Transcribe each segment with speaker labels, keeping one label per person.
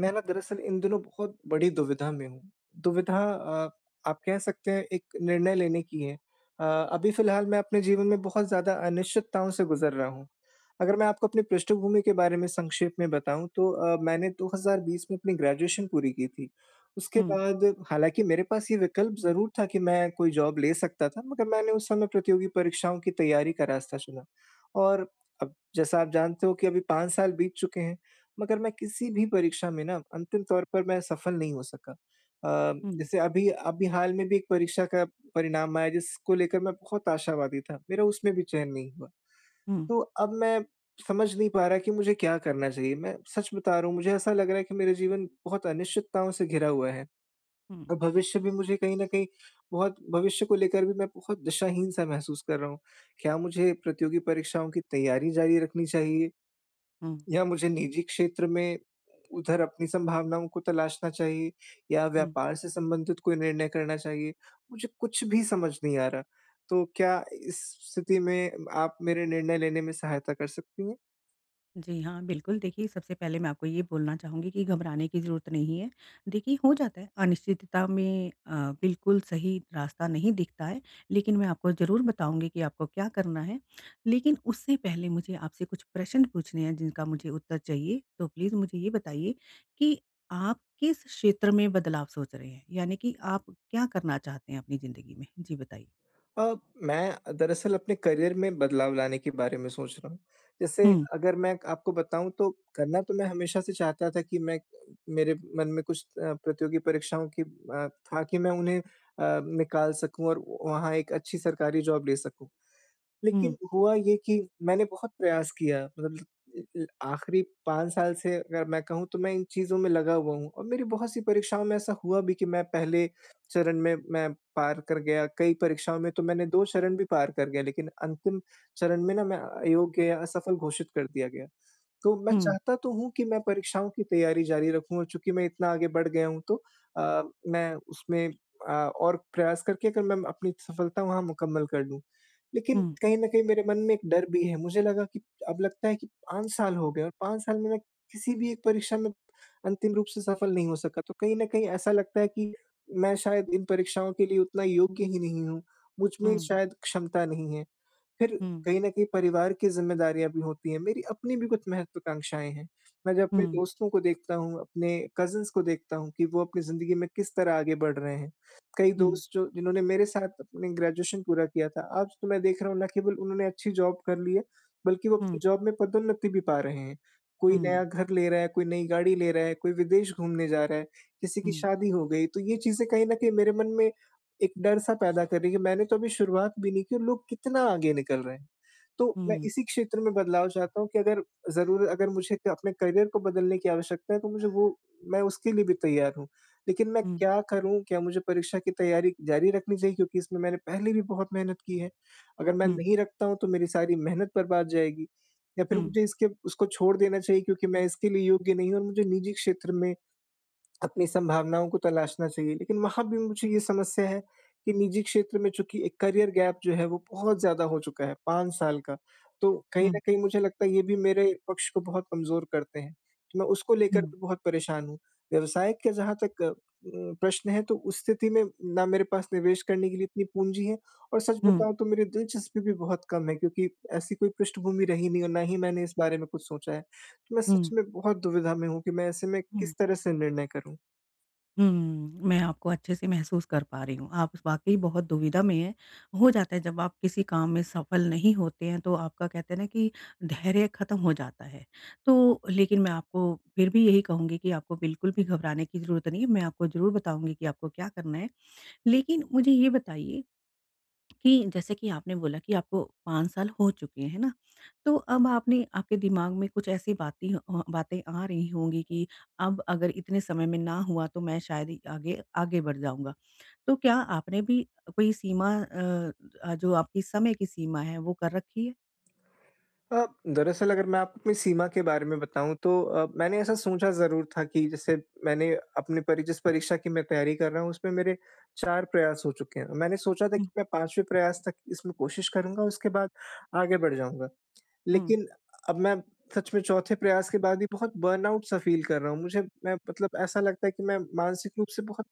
Speaker 1: मैं ना दरअसल इन दिनों बहुत बड़ी दुविधा में हूँ। दुविधा अ, आप कह सकते हैं एक निर्णय लेने की है अ, अभी फिलहाल मैं अपने जीवन में बहुत ज़्यादा अनिश्चितताओं से गुजर रहा हूँ। अगर मैं आपको अपनी पृष्ठभूमि के बारे में संक्षेप में बताऊँ तो अ, मैंने 2020 में अपनी ग्रेजुएशन पूरी की थी, उसके
Speaker 2: हुँ।
Speaker 1: बाद हालाँकि मेरे पास ये विकल्प ज़रूर था कि मैं कोई जॉब ले सकता था, मगर मैंने उस समय प्रतियोगी परीक्षाओं की तैयारी का रास्ता चुना और अब जैसा आप जानते हो कि अभी 5 साल बीत चुके हैं, मगर मैं किसी भी परीक्षा में ना अंतिम तौर पर मैं सफल नहीं हो सका। अ,
Speaker 2: हुँ।
Speaker 1: जैसे अभी अभी हाल में भी एक परीक्षा का परिणाम आया, जिसको लेकर मैं बहुत आशावादी था, मेरा उसमें भी चयन नहीं हुआ।
Speaker 2: हुँ।
Speaker 1: तो अब मैं समझ नहीं पा रहा कि मुझे क्या करना चाहिए, मैं सच बता रहा हूँ मुझे ऐसा लग रहा है कि मेरा जीवन बहुत अनिश्चितताओं से घिरा हुआ है।
Speaker 2: हुँ।
Speaker 1: और भविष्य भी मुझे कहीं न कहीं बहुत भविष्य को लेकर भी मैं बहुत दिशाहीन-सा महसूस कर रहा हूँ, क्या मुझे प्रतियोगी परीक्षाओं की तैयारी जारी रखनी चाहिए।
Speaker 2: हुँ।
Speaker 1: या मुझे निजी क्षेत्र में उधर अपनी संभावनाओं को तलाशना चाहिए या
Speaker 2: हुँ।
Speaker 1: व्यापार से संबंधित कोई निर्णय करना चाहिए, मुझे कुछ भी समझ नहीं आ रहा, तो क्या इस स्थिति में आप मेरे निर्णय लेने में सहायता कर सकती हैं?
Speaker 2: जी हाँ, बिल्कुल, देखिए, सबसे पहले मैं आपको ये बोलना चाहूँगी कि घबराने की ज़रूरत नहीं है। देखिए, हो जाता है। अनिश्चितता में अ, बिल्कुल सही रास्ता नहीं दिखता है, लेकिन मैं आपको ज़रूर बताऊँगी कि आपको क्या करना है। लेकिन उससे पहले मुझे आपसे कुछ प्रश्न पूछने हैं, जिनका मुझे उत्तर चाहिए। तो प्लीज़ मुझे ये बताइए कि आप किस क्षेत्र में बदलाव सोच रहे हैं, यानी कि आप क्या करना चाहते हैं अपनी ज़िंदगी में? जी, बताइए।
Speaker 1: अ, मैं दरअसल अपने करियर में बदलाव लाने के बारे में सोच रहा हूँ। जैसे
Speaker 2: हुँ।
Speaker 1: अगर मैं आपको बताऊँ, तो करना तो मैं हमेशा से चाहता था कि मैं अ, मेरे मन में कुछ अ, प्रतियोगी परीक्षाओं की अ, था कि मैं उन्हें अ, निकाल सकूँ और वहाँ एक अच्छी सरकारी जॉब ले सकूँ।
Speaker 2: हुँ।
Speaker 1: लेकिन हुआ ये कि मैंने बहुत प्रयास किया, मतलब अ अ, आख़िरी 5 साल से अगर मैं कहूँ, तो मैं इन चीज़ों में लगा हुआ हूँ, और मेरी बहुत-सी परीक्षाओं में ऐसा हुआ भी कि मैं पहले चरण में मैं पार कर गया, कई परीक्षाओं में तो मैंने 2 चरण भी पार कर गया, लेकिन अंतिम चरण में ना, मैं अ, अयोग्य या असफल घोषित कर दिया गया। तो मैं
Speaker 2: हुँ।
Speaker 1: चाहता तो हूँ कि मैं परीक्षाओं की तैयारी जारी रखूँ, और चूँकि मैं इतना आगे बढ़ गया हूँ, तो अ, मैं उसमें अ, और प्रयास करके, अगर मैं म अपनी सफलता वहाँ मुकम्मल कर लूँ। लेकिन
Speaker 2: हुँ।
Speaker 1: कहीं न कहीं मेरे मन में एक डर भी है। मुझे लगा कि अब लगता है कि 5 साल हो गए और 5 साल में मैं किसी भी एक परीक्षा में अंतिम रूप से सफल नहीं हो सका, तो कहीं न कहीं ऐसा लगता है कि मैं शायद इन परीक्षाओं के लिए उतना योग्य ही नहीं हूँ। मुझ में
Speaker 2: हुँ।
Speaker 1: शायद क्षमता नहीं है। फिर
Speaker 2: हुँ।
Speaker 1: कहीं न कहीं परिवार की ज़िम्मेदारियाँ भी होती हैं, मेरी अपनी भी कुछ महत्वाकांक्षाएँ हैं। मैं जब अपने
Speaker 2: हुँ।
Speaker 1: दोस्तों को देखता हूँ, अपने कज़िन्स को देखता हूँ कि वो अपनी ज़िंदगी में किस तरह आगे बढ़ रहे हैं। कई
Speaker 2: हुँ।
Speaker 1: दोस्त, जो जिन्होंने मेरे साथ अपनी ग्रेजुएशन पूरा किया था, आज तो मैं देख रहा हूँ, ना केवल उन्होंने अच्छी जॉब कर ली है, बल्कि वो अपनी
Speaker 2: हुँ।
Speaker 1: जॉब में पदोन्नति भी पा रहे हैं। कोई नया
Speaker 2: हुँ।
Speaker 1: घर ले रहा है, कोई नई गाड़ी ले रहा है, कोई विदेश घूमने जा रहा है, किसी की
Speaker 2: हुँ।
Speaker 1: शादी हो गई, तो ये चीज़ें कहीं न कहीं मेरे मन में, एक डर-सा पैदा कर रही हैं कि मैंने तो अभी शुरुआत भी नहीं की और लोग कितना आगे निकल रहे हैं। तो मैं
Speaker 2: हुँ।
Speaker 1: इसी क्षेत्र में बदलाव चाहता हूँ कि अगर ज़रूर अगर मुझे क अपने करियर को बदलने की आवश्यकता है, तो मुझे वो मैं उसके लिए भी तैयार हूँ। लेकिन मैं
Speaker 2: हुँ।
Speaker 1: क्या करूँ? क्या मुझे परीक्षा की तैयारी जारी रखनी चाहिए? क्योंकि इसमें मैंने पहले भी बहुत मेहनत की है। अगर मैं
Speaker 2: हुँ।
Speaker 1: नहीं रखता हूँ, तो मेरी सारी मेहनत बर्बाद जाएगी, या फिर
Speaker 2: हुँ।
Speaker 1: मुझे इसके उसको छोड़ देना चाहिए क्योंकि मैं इसके लिए योग्य नहीं हूँ और मुझे निजी क्षेत्र में अपनी संभावनाओं को तलाशना चाहिए। लेकिन वहाँ भी मुझे ये समस्या है कि निजी क्षेत्र में, चूँकि एक करियर गैप जो है, वो बहुत ज़्यादा हो चुका है, 5 साल का, तो कहीं न
Speaker 2: हुँ।
Speaker 1: कहीं मुझे लगता है, ये भी मेरे पक्ष को बहुत कमज़ोर करते हैं। मैं उसको लेकर
Speaker 2: हुँ।
Speaker 1: भी बहुत परेशान हूँ। व्यवसाय का जहाँ तक अ, उम, प्रश्न है, तो उस स्थिति में, ना मेरे पास निवेश करने के लिए इतनी पूँजी है और सच
Speaker 2: हुँ।
Speaker 1: बताऊँ, तो मेरी दिलचस्पी भी बहुत कम है, क्योंकि ऐसी कोई पृष्ठभूमि रही नहीं और ना ही मैंने इस बारे में कुछ सोचा है। तो मैं सच
Speaker 2: हुँ।
Speaker 1: में बहुत दुविधा में हूँ कि मैं ऐसे में किस
Speaker 2: हुँ।
Speaker 1: तरह से निर्णय करूँ?
Speaker 2: हुँ। मैं आपको अच्छे से महसूस कर पा रही हूँ, आप वाक़ई बहुत दुविधा में हैं। हो जाता है जब आप किसी काम में सफल नहीं होते हैं तो आपका कहते हैं ना कि धैर्य ख़त्म हो जाता है। तो लेकिन मैं आपको फिर भी यही कहूँगी कि आपको बिल्कुल भी घबराने की ज़रूरत नहीं है, मैं आपको ज़रूर बताऊँगी कि आपको क्या करना है। लेकिन मुझे ये बताइए, कि जैसे कि आपने बोला कि आपको 5 साल हो चुके हैं, है ना। तो अब आपने आपके दिमाग में कुछ ऐसी बातें अ, बातें आ रही होंगी कि, अब अगर इतने समय में ना हुआ तो मैं शायद ही आगे आगे बढ़ जाऊँगा। तो क्या आपने भी कोई सीमा अ अ, जो आपकी समय की सीमा है वो कर रखी है?
Speaker 1: अ, दरअसल अगर मैं आपके सीमा के बारे में बताऊँ तो अ, मैंने ऐसा सोचा ज़रूर था कि जैसे मैंने अपने परि जिस परीक्षा की तैयारी कर रहा हूँ उसमें मेरे 4 प्रयास हो चुके हैं। मैंने सोचा था कि
Speaker 2: हुँ।
Speaker 1: मैं 5वें प्रयास तक इसमें कोशिश करूँगा उसके बाद आगे बढ़ जाऊँगा।
Speaker 2: हुँ।
Speaker 1: लेकिन अब मैं सच में 4th प्रयास के बाद भी बहुत बर्नआउट सा फ़ील कर रहा हूँ। मुझे मैं मतलब ऐसा लगता है कि मैं मानसिक रूप से बहुत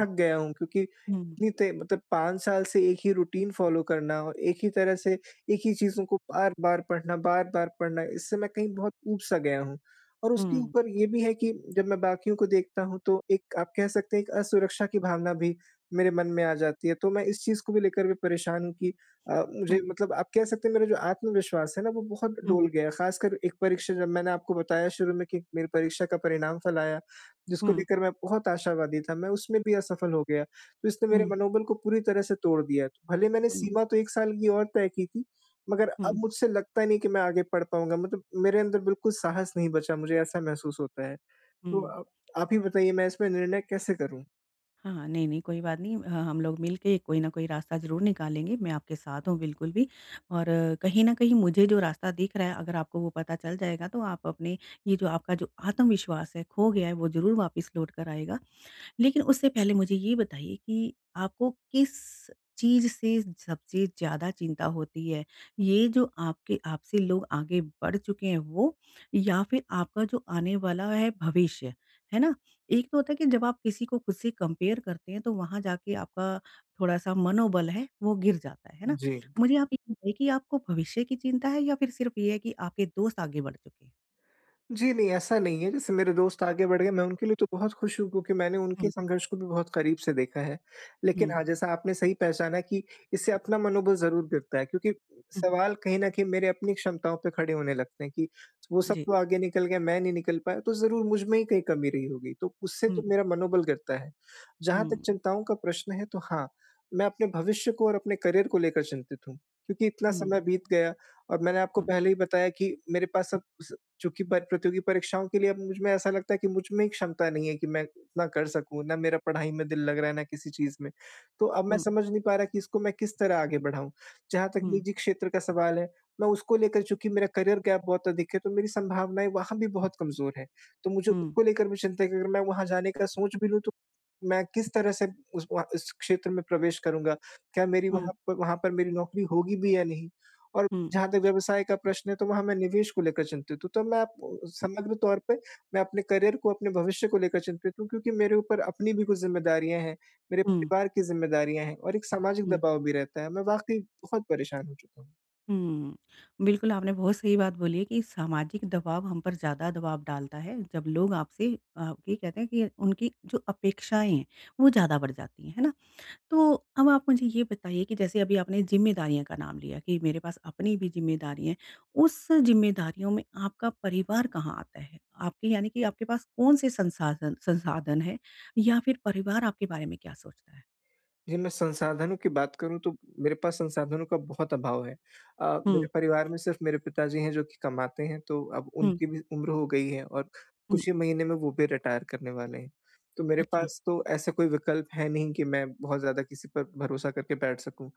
Speaker 1: थक गया हूँ। क्योंकि
Speaker 2: हुँ।
Speaker 1: इतनी ते मतलब 5 साल से एक ही रूटीन फ़ॉलो करना और एक ही तरह से एक ही चीज़ों को बार-बार पढ़ना, बार-बार पढ़ना इससे मैं कहीं बहुत ऊब सा गया हूँ। और उसके
Speaker 2: हुँ।
Speaker 1: ऊपर ये भी है कि जब मैं बाकियों को देखता हूँ तो एक आप कह सकते हैं एक असुरक्षा की भावना भी मेरे मन में आ जाती है। तो मैं इस चीज़ को भी लेकर भी परेशान हूँ कि अ, मुझे
Speaker 2: हुँ।
Speaker 1: मतलब आप कह सकते हैं मेरा जो आत्मविश्वास है ना वो बहुत
Speaker 2: हुँ।
Speaker 1: डोल गया है। ख़ासकर एक परीक्षा जब मैंने आपको बताया शुरू में कि मेरी परीक्षा का परिणाम फल आया, जिसको
Speaker 2: हुँ।
Speaker 1: लेकर मैं बहुत आशावादी था, मैं उसमें भी असफल हो गया। तो इसने मेरे
Speaker 2: हुँ।
Speaker 1: मनोबल को पूरी तरह से तोड़ दिया। भले मैंने
Speaker 2: हुँ।
Speaker 1: सीमा तो 1 साल की और तय की थी मगर अब
Speaker 2: हुँ।
Speaker 1: मुझसे लगता नहीं कि मैं आगे पढ़ पाऊँगा। मतलब मेरे अंदर बिल्कुल साहस नहीं बचा मुझे ऐसा महसूस होता है। तो
Speaker 2: हुँ।
Speaker 1: अ, आप ही बताइए मैं इसमें निर्णय कैसे करूँ?
Speaker 2: हाँ, हाँ। नहीं, नहीं। कोई बात नहीं, ह हम लोग मिलके कोई न कोई रास्ता ज़रूर निकालेंगे। मैं आपके साथ हूँ बिल्कुल भी। और कहीं न कहीं मुझे जो रास्ता दिख रहा अगर आपको वो पता चल जाएगा तो आप अपने ये जो आपका जो आत्मविश्वास है खो गया है वो ज़रूर वापस लौट कर आएगा। लेकिन उससे पहले मुझे ये बताइए कि आपको किस चीज़ से सबसे ज़्यादा चिंता होती है? ये जो आपके आपसी लोग आगे बढ़ चुके हैं वो या फिर आपका जो आने वाला है भविष्य, है ना? एक तो होता है कि जब आप किसी को ख़ुद से कंपेयर करते हैं तो वहाँ जाके आपका थोड़ा-सा मनोबल है वो गिर जाता है, है ना?
Speaker 1: जी।
Speaker 2: मुझे आप ये बताइए कि आपको भविष्य की चिंता है या फिर सिर्फ़ ये है कि आपके दोस्त आगे बढ़ चुके हैं?
Speaker 1: जी, नहीं ऐसा नहीं है। जैसे मेरे दोस्त आगे बढ़ गए मैं उनके लिए तो बहुत ख़ुश हूँ क्योंकि मैंने उनके
Speaker 2: हुँ।
Speaker 1: संघर्ष को भी बहुत क़रीब से देखा है। लेकिन
Speaker 2: हुँ।
Speaker 1: हाँ, जैसा आपने सही पहचाना कि इससे अपना मनोबल ज़रूर गिरता है क्योंकि
Speaker 2: हुँ।
Speaker 1: सवाल कहीं न कहीं मेरी अपनी क्षमताओं पे खड़े होने लगते हैं कि, वो सब
Speaker 2: जी।
Speaker 1: तो आगे निकल गए, मैं नहीं निकल पाया। तो ज़रूर मुझ में ही कहीं कमी रही होगी, तो उससे तो
Speaker 2: हुँ।
Speaker 1: मेरा मनोबल गिरता है। जहाँ तक
Speaker 2: हुँ।
Speaker 1: चिंताओं का प्रश्न है तो हाँ, मैं अपने भविष्य को और अपने करियर को लेकर चिंतित हूँ। क्योंकि इतना
Speaker 2: हुँ।
Speaker 1: समय बीत गया और मैंने आपको
Speaker 2: हुँ।
Speaker 1: पहले ही बताया कि मेरे पास सब कुछ चुकी बात प्रतियोगी परीक्षाओं के लिए अब मुझ में ऐसा लगता है कि मुझमें ही क्षमता नहीं है कि मैं इतना कर सकूँ। ना मेरा पढ़ाई में दिल लग रहा है, ना किसी चीज़ में। तो अब मैं
Speaker 2: हुँ।
Speaker 1: समझ नहीं पा रहा कि इसको मैं किस तरह आगे बढ़ाऊँ। जहाँ तक
Speaker 2: हुँ।
Speaker 1: निजी क्षेत्र का सवाल है, मैं उसको लेकर चुकी मेरा करियर गैप बहुत अधिक है तो मेरी संभावनाएँ वहाँ भी बहुत कमज़ोर है। तो मुझे
Speaker 2: हुँ।
Speaker 1: उसको लेकर भी चिंता है कि अगर मैं वहाँ जाने का सोच भी लूँ तो मैं किस तरह से उस वहाँ उस क्षेत्र में प्रवेश करूँगा? क्या मेरी
Speaker 2: हुँ।
Speaker 1: वहाँ वहाँ पर मेरी नौकरी होगी भी या नहीं? और
Speaker 2: हुँ।
Speaker 1: जहाँ तक व्यवसाय का प्रश्न है तो वहाँ मैं निवेश को लेकर चिंतित हूँ। तो मैं आपको समग्र तौर पे मैं अपने करियर को, अपने भविष्य को लेकर चिंतित हूँ क्योंकि मेरे ऊपर अपनी भी कुछ ज़िम्मेदारियाँ हैं। मेरे
Speaker 2: हुँ।
Speaker 1: परिवार की ज़िम्मेदारियाँ हैं और एक सामाजिक
Speaker 2: हुँ।
Speaker 1: दबाव भी रहता है। मैं वाक़ई बहुत परेशान हो चुका हूँ।
Speaker 2: हुँ, बिल्कुल आपने बहुत सही बात बोली है कि सामाजिक दबाव हम पर ज़्यादा दबाव डालता है, जब लोग आपसे अ, ये कहते हैं कि उनकी जो अपेक्षाएँ हैं वो ज़्यादा बढ़ जाती है, है ना? तो अब आप मुझे ये बताइए कि जैसे अभी आपने ज़िम्मेदारियाँ का नाम लिया, कि मेरे पास अपनी भी ज़िम्मेदारियाँ है उस ज़िम्मेदारियों में आपका परिवार कहाँ आता है? आपके यानी कि आपके पास कौन से संसाधन संसाधन हैं या फिर परिवार आपके बारे में क्या सोचता है?
Speaker 1: जी, मैं संसाधन की बात करूँ तो मेरे पास संसाधनों का बहुत अभाव है। अ, मेरे
Speaker 2: हुँ।
Speaker 1: परिवार में सिर्फ़ मेरे पिताजी हैं जो कि कमाते हैं, तो अब
Speaker 2: हुँ।
Speaker 1: उनकी भी उम्र हो गई है और
Speaker 2: हुँ।
Speaker 1: कुछ ही महीने में वो भी रिटायर करने वाले हैं। तो मेरे
Speaker 2: अच्छा।
Speaker 1: पास तो ऐसा कोई विकल्प है नहीं कि मैं बहुत ज़्यादा किसी पर भरोसा करके बैठ सकूँ।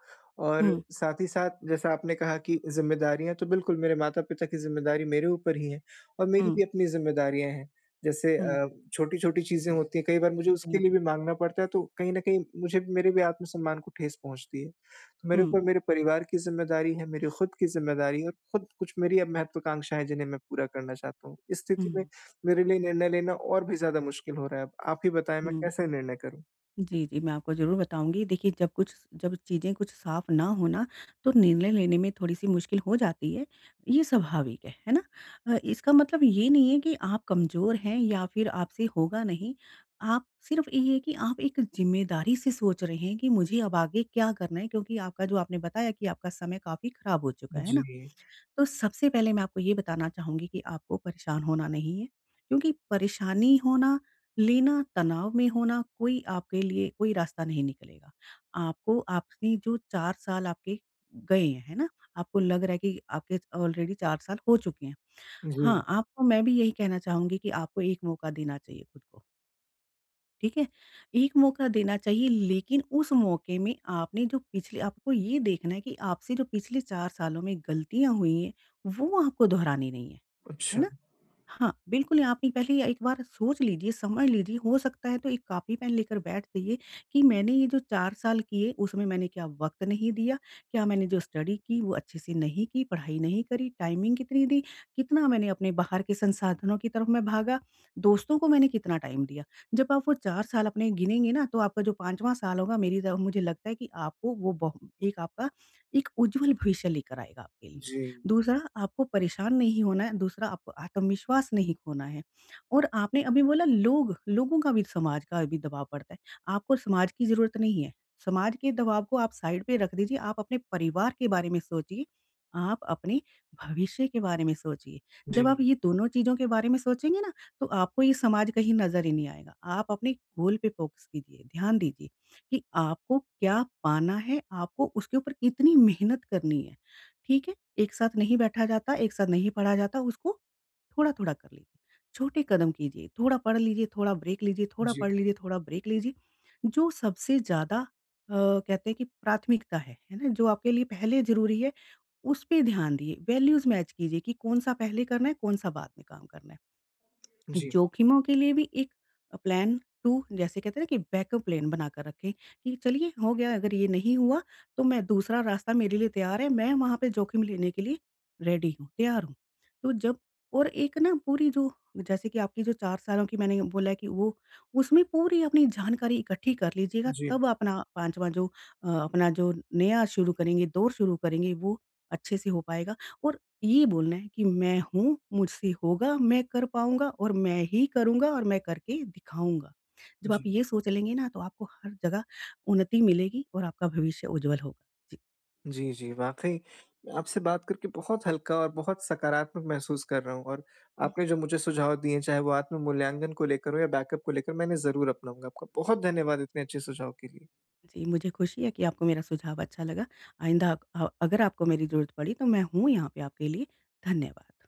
Speaker 1: और
Speaker 2: हुँ।
Speaker 1: साथ ही साथ जैसा आपने कहा कि ज़िम्मेदारियाँ, तो बिल्कुल मेरे माता-पिता की ज़िम्मेदारी मेरे ऊपर ही है और मेरी
Speaker 2: हुँ।
Speaker 1: भी अपनी ज़िम्मेदारियाँ हैं जैसे
Speaker 2: हुँ।
Speaker 1: अ, छोटी-छोटी चीज़ें होती हैं कई बार मुझे उसके लिए
Speaker 2: अच्छा।
Speaker 1: भी माँगना पड़ता है, तो कहीं न कहीं मुझे भी मेरे भी आत्मसम्मान को ठेस पहुँचती है। तो मेरे
Speaker 2: हुँ।
Speaker 1: ऊपर मेरे परिवार की ज़िम्मेदारी है, मेरी ख़ुद की ज़िम्मेदारी है और ख़ुद कुछ मेरी अब महत्वाकांक्षाएँ है जिन्हें मैं पूरा करना चाहता हूँ। इस स्थिति में
Speaker 2: हुँ।
Speaker 1: मेरे लिए निर्णय लेना और भी ज़्यादा मुश्किल हो रहा है अब। आप ही बताएँ, मैं
Speaker 2: हुँ।
Speaker 1: कैसे निर्णय करूँ?
Speaker 2: जी, जी मैं आपको ज़रूर बताऊँगी देखिए जब कुछ स जब चीज़ें कुछ साफ ना हो ना, तो निर्णय लेने में थोड़ी-सी मुश्किल हो जाती है ये स्वाभाविक है। है ना? अ, इसका मतलब ये नहीं है कि आप कमज़ोर हैं या फ़िर आपसे होगा नहीं आप सिर्फ़ ये है कि आप एक ज़िम्मेदारी से सोच रहे हैं कि मुझे अब आगे क्या करना है? क्योंकि आपका जो आपने बताया कि आपका समय काफ़ी ख़राब हो चुका है। है ना?
Speaker 1: जी।
Speaker 2: तो सबसे पहले मैं आपको ये बताना चाहूँगी कि आपको परेशान होना नहीं है। क्योंकि परेशानी होना लेना, तनाव में होना कोई आपके लिए कोई रास्ता नहीं निकलेगा। आपको आपने जो 4 साल आपके गए हैं, है ना? आपको लग रहा है कि आपके ऑलरेडी 4 साल हो चुके हैं।
Speaker 1: जी।
Speaker 2: हाँ, आपको मैं भी यही कहना चाहूँगी कि आपको एक मौका देना चाहिए खुद को। ठीक है? एक मौका देना चाहिए लेकिन उस मौके में आपने जो पिछले आपको ये देखना है कि आपसे जो पिछले 4 सालों में गलतियाँ हुई हैं, वो आपको दोहरानी नहीं है। है
Speaker 1: अच्छा।
Speaker 2: ना? हाँ, बिल्कुल आपने पहली एक बार सोच लीजिए, समझ लीजिए हो सकता है तो 1 कॉपी, पेन लेकर बैठ जाइए कि मैंने ये जो 4 साल किए उसमें मैंने क्या वक़्त नहीं दिया? क्या मैंने जो स्टडी की वो अच्छे से नहीं की, पढ़ाई नहीं करी टाइमिंग कितनी दी, कितना मैंने अपने बाहर के संसाधनों की तरफ मैं भागा, दोस्तों को मैंने कितना टाइम दिया। जब आप वो 4 साल अपने गिनेंगे ना तो आपका जो 5वाँ साल होगा मेरी द मुझे लगता है कि आपको वो ब एक आपका एक उज्ज्वल भविष्य लेकर आएगा आपके लिए।
Speaker 1: जी।
Speaker 2: दूसरा आपको परेशान नहीं होना है, दूसरा आपको आत्मविश्वास नहीं खोना है और आपने अभी बोला लोग लोगों का भी, समाज का भी दबाव पड़ता है। आपको समाज की ज़रूरत नहीं है, समाज के दबाव को आप साइड पे रख दीजिए, आप अपने परिवार के बारे में सोचिए, आप अपने भविष्य के बारे में सोचिए। जब आप
Speaker 1: जी।
Speaker 2: ये दोनों चीज़ों के बारे में सोचेंगे ना, तो आपको ये समाज कहीं नज़र ही नहीं आएगा। आप अपने गोल पे फ़ोकस कीजिए, ध्यान दीजिए कि आपको क्या पाना है, आपको उसके ऊपर कितनी मेहनत करनी है। ठीक है? एक साथ नहीं बैठा जाता, एक साथ नहीं पढ़ा जाता, उसको थोड़ा-थोड़ा कर लीजिए। छोटे कदम कीजिए, थोड़ा पढ़ लीजिए, थोड़ा ब्रेक लीजिए थोड़ा
Speaker 1: जी।
Speaker 2: पढ़ लीजिए थोड़ा ब्रेक लीजिए। जो सबसे ज़्यादा अ, कहते हैं कि प्राथमिकता है, है ना? जो आपके लिए पहले ज़रूरी है, उसपे ध्यान दिए, वैल्यूज़ मैच कीजिए कि कौन-सा पहले करना है, कौन-सा बाद में काम करना है।
Speaker 1: जी।
Speaker 2: जोखिमों के लिए भी एक अ, प्लान 2 जैसे कहते हैं ना कि बैकअप प्लान बना कर रखें, कि चलिए हो गया। अगर ये नहीं हुआ तो मैं दूसरा रास्ता मेरे लिए तैयार है। मैं वहाँ पे जोखिम लेने के लिए रेडी हूँ, तैयार हूँ। तो जब और एक ना पूरी जो जैसे कि आपकी जो 4 सालों की मैंने बोला है कि वो, उसमें पूरी अपनी जानकारी इकट्ठी कर लीजिएगा।
Speaker 1: जी।
Speaker 2: तब अपना 5वा जो अ, अपना जो नया शुरू करेंगे, दौर शुरू करेंगे वो अच्छे से हो पाएगा। और ये बोलना है कि मैं हूँ, मुझसे होगा, मैं कर पाऊँगा और मैं ही करूँगा और मैं करके दिखाऊँगा। जब आप
Speaker 1: जी।
Speaker 2: ये सोच लेंगे ना तो आपको हर जगह उन्नति मिलेगी और आपका भविष्य उज्ज्वल होगा। जी।
Speaker 1: जी, जी। वाक़ई आपसे बात करके बहुत हल्का और बहुत सकारात्मक महसूस कर रहा हूँ। और
Speaker 2: हुँ।
Speaker 1: आपने जो मुझे सुझाव दिए हैं चाहे वो आत्म मूल्यांकन को लेकर हो या बैकअप को लेकर, मैं इन्हें ज़रूर अपनाऊँगा। आपका बहुत धन्यवाद इतने अच्छे सुझाव के लिए।
Speaker 2: जी, मुझे ख़ुशी है कि आपको मेरा सुझाव अच्छा लगा। आइंदा अ, अगर आपको मेरी ज़रूरत पड़ी तो मैं हूँ यहाँ पे आपके लिए, धन्यवाद।